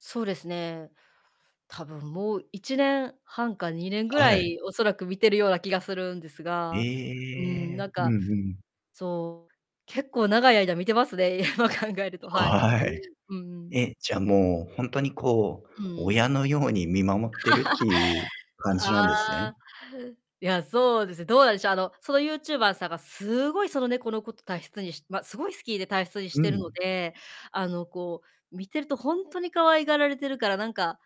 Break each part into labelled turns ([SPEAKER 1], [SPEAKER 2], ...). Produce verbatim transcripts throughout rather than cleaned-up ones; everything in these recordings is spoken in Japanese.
[SPEAKER 1] そうですね。多分もういちねんはんかにねんぐ
[SPEAKER 2] は
[SPEAKER 1] ら
[SPEAKER 2] い。
[SPEAKER 1] い、おそらく見てるような気がするんですが、うーん、
[SPEAKER 2] ええ、
[SPEAKER 1] なん
[SPEAKER 2] う
[SPEAKER 1] か
[SPEAKER 2] んうん。
[SPEAKER 1] そう、結構長い間見てますね、今考えると、
[SPEAKER 2] あ、
[SPEAKER 1] はい。う
[SPEAKER 2] はい。
[SPEAKER 1] ーん。
[SPEAKER 2] え、じゃあ、もう、ほんとに、こう、
[SPEAKER 1] うーん。
[SPEAKER 2] 親のように見守ってるっていう 感じなんですね。
[SPEAKER 1] ああ。いや、そうですね、どうなんでしょう、あの、そのユーチューバーさんがすごいその猫のことたいしつにしま、すごい好きでたいしつにし
[SPEAKER 2] う
[SPEAKER 1] てるの
[SPEAKER 2] ん。
[SPEAKER 1] で、あの、こう、見てるとほんとに可愛がられてるから、なんか、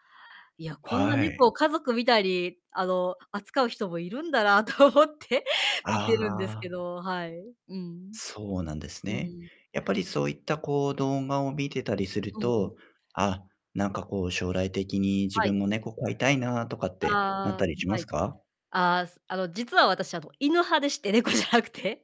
[SPEAKER 1] いや、こんな
[SPEAKER 2] は
[SPEAKER 1] 猫
[SPEAKER 2] い。
[SPEAKER 1] を家族みたいに、あの、扱う人もいるんだなと思って見
[SPEAKER 2] あ
[SPEAKER 1] てるんですけ
[SPEAKER 2] あ。
[SPEAKER 1] ど、はい。うん。
[SPEAKER 2] そうなんです
[SPEAKER 1] う
[SPEAKER 2] ね。
[SPEAKER 1] ん。
[SPEAKER 2] やっぱりそういった、こう、動画を見てたりする
[SPEAKER 1] うんうん。
[SPEAKER 2] と、あ、なんか、こう、将来的に自
[SPEAKER 1] は
[SPEAKER 2] 分
[SPEAKER 1] い。
[SPEAKER 2] も猫飼いたいなとかってなっ
[SPEAKER 1] あ
[SPEAKER 2] た
[SPEAKER 1] あ、
[SPEAKER 2] りしま
[SPEAKER 1] は
[SPEAKER 2] す
[SPEAKER 1] い。
[SPEAKER 2] か？
[SPEAKER 1] ああ、あの、実は私、あの、犬派でして、猫じゃなくて。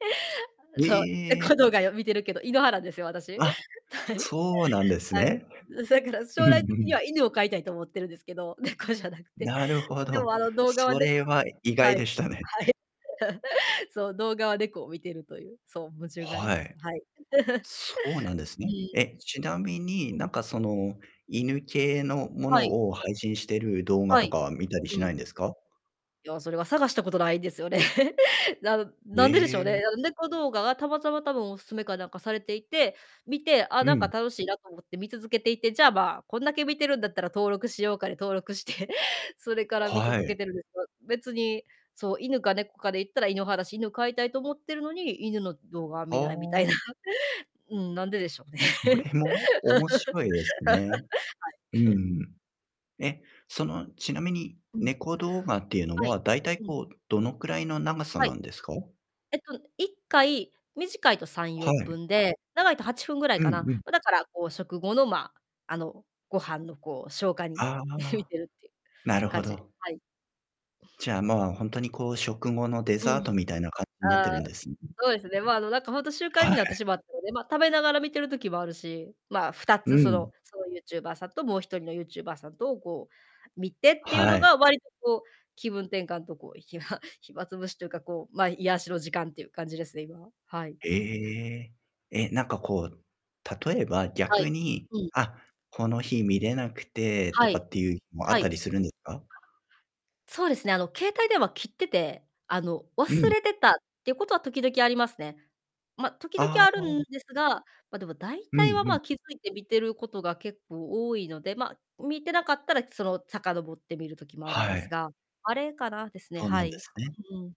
[SPEAKER 2] え
[SPEAKER 1] そう、
[SPEAKER 2] え！
[SPEAKER 1] 猫動画見てるけど、犬派なんですよ、私。
[SPEAKER 2] あ、
[SPEAKER 1] はい。
[SPEAKER 2] そうなんです
[SPEAKER 1] はい。
[SPEAKER 2] ね。
[SPEAKER 1] うん、そやから
[SPEAKER 2] うん
[SPEAKER 1] 将
[SPEAKER 2] う
[SPEAKER 1] 来的に
[SPEAKER 2] ん。
[SPEAKER 1] は犬を飼いたいと思ってるんですけど、猫じゃなくて。
[SPEAKER 2] なるほ
[SPEAKER 1] でも、
[SPEAKER 2] ど、
[SPEAKER 1] あの動画は
[SPEAKER 2] そ
[SPEAKER 1] ね
[SPEAKER 2] れは意
[SPEAKER 1] は
[SPEAKER 2] 外
[SPEAKER 1] い。
[SPEAKER 2] でしたね。
[SPEAKER 1] はい。そう、動画は猫を見てるという。そう、矛盾があり
[SPEAKER 2] は
[SPEAKER 1] ます。
[SPEAKER 2] い。
[SPEAKER 1] はい。
[SPEAKER 2] そうなんです
[SPEAKER 1] う
[SPEAKER 2] ね。
[SPEAKER 1] ん。
[SPEAKER 2] え、ちなみに、
[SPEAKER 1] うん。
[SPEAKER 2] なんか、その、犬系のも
[SPEAKER 1] はい。
[SPEAKER 2] のを配信してる動画
[SPEAKER 1] は
[SPEAKER 2] と
[SPEAKER 1] い。
[SPEAKER 2] かは見たり
[SPEAKER 1] う
[SPEAKER 2] し
[SPEAKER 1] ん。
[SPEAKER 2] ないんですか？
[SPEAKER 1] いや、それは探したことないんですよね。なん
[SPEAKER 2] へ
[SPEAKER 1] なんででしょう
[SPEAKER 2] え。
[SPEAKER 1] ね。あの、猫動画がたまたま多分お勧めかなんかされていて、見て、ああ、
[SPEAKER 2] う
[SPEAKER 1] なんか
[SPEAKER 2] ん。
[SPEAKER 1] 楽しいなと思って見続けていて、じゃあ、まあ、こんだけ見てるんだったら登録しようかで登録して、それから見
[SPEAKER 2] は
[SPEAKER 1] 続け
[SPEAKER 2] い。
[SPEAKER 1] てるんですよ、別に、そう、犬か猫かで言ったら犬派だし、犬飼いたいと思ってるのに、犬の動画は
[SPEAKER 2] あ
[SPEAKER 1] 見ないみたいな。
[SPEAKER 2] あ。
[SPEAKER 1] うん、なんででしょうね。
[SPEAKER 2] そ
[SPEAKER 1] はい。
[SPEAKER 2] れも面白いですね。うんう ん。え、その、ちなみに
[SPEAKER 1] うん。
[SPEAKER 2] 猫動画っていうの
[SPEAKER 1] はい。
[SPEAKER 2] は、だいたい、
[SPEAKER 1] うん。
[SPEAKER 2] こう、どのくらいの長さ
[SPEAKER 1] はい。
[SPEAKER 2] なんですか？
[SPEAKER 1] えっと、いっかい、短いとさん
[SPEAKER 2] は
[SPEAKER 1] よんぷ
[SPEAKER 2] い。
[SPEAKER 1] んで、長いとはちふんぐらい
[SPEAKER 2] う
[SPEAKER 1] か
[SPEAKER 2] ん
[SPEAKER 1] な。
[SPEAKER 2] うん。
[SPEAKER 1] ま、だから、こう、食後の、まあ、あの、ご飯の、こう、消化に
[SPEAKER 2] あ
[SPEAKER 1] 向い
[SPEAKER 2] あ、
[SPEAKER 1] てるっていう
[SPEAKER 2] なるほ
[SPEAKER 1] 感じ、
[SPEAKER 2] ど。
[SPEAKER 1] はい。
[SPEAKER 2] じゃあ、まあ、ほんとに、こう、食後のデ
[SPEAKER 1] う
[SPEAKER 2] ザー
[SPEAKER 1] ん。
[SPEAKER 2] トみたいな感じなって
[SPEAKER 1] あ
[SPEAKER 2] る
[SPEAKER 1] あ、
[SPEAKER 2] んです
[SPEAKER 1] そうですね。ま、あの、何かほんと習
[SPEAKER 2] あ、
[SPEAKER 1] 慣
[SPEAKER 2] は
[SPEAKER 1] になって
[SPEAKER 2] い。
[SPEAKER 1] しまったので、ま、食べながら見てる時もあるし、まあ、ふた
[SPEAKER 2] う
[SPEAKER 1] つ、その
[SPEAKER 2] ん。
[SPEAKER 1] そのユーチューバーさんと、もうひとりのユーチューバーさんとを、こう、見てっていう
[SPEAKER 2] は
[SPEAKER 1] の
[SPEAKER 2] い。
[SPEAKER 1] が割と、こう、気分転換と、こう、暇暇つぶしというか、こう、ま、癒しの時間っていう感じですね、今は。はい。
[SPEAKER 2] ええ。え、なんか、こう、例えば
[SPEAKER 1] は
[SPEAKER 2] 逆
[SPEAKER 1] い。
[SPEAKER 2] に、
[SPEAKER 1] うん。
[SPEAKER 2] あ、この日見れなくてと
[SPEAKER 1] は
[SPEAKER 2] か
[SPEAKER 1] い。
[SPEAKER 2] っていう日もあっ
[SPEAKER 1] は
[SPEAKER 2] た
[SPEAKER 1] い。
[SPEAKER 2] りするんですか？
[SPEAKER 1] そうですね、あの、携帯電話切ってて、あの、
[SPEAKER 2] う
[SPEAKER 1] 忘
[SPEAKER 2] ん。
[SPEAKER 1] れてたっていうことは時々ありますね。ま、時々
[SPEAKER 2] あ
[SPEAKER 1] あるん
[SPEAKER 2] あ。
[SPEAKER 1] ですが、ま、でも大
[SPEAKER 2] う
[SPEAKER 1] 体
[SPEAKER 2] ん、
[SPEAKER 1] は、
[SPEAKER 2] うん。
[SPEAKER 1] ま、気づいて見てることが結構多いので、ま、見てなかったら、その、遡って見る時もあるん
[SPEAKER 2] は
[SPEAKER 1] です
[SPEAKER 2] い。
[SPEAKER 1] が。あれかなですね、
[SPEAKER 2] そうな
[SPEAKER 1] は
[SPEAKER 2] ん
[SPEAKER 1] い。
[SPEAKER 2] で
[SPEAKER 1] う
[SPEAKER 2] すね。
[SPEAKER 1] うん。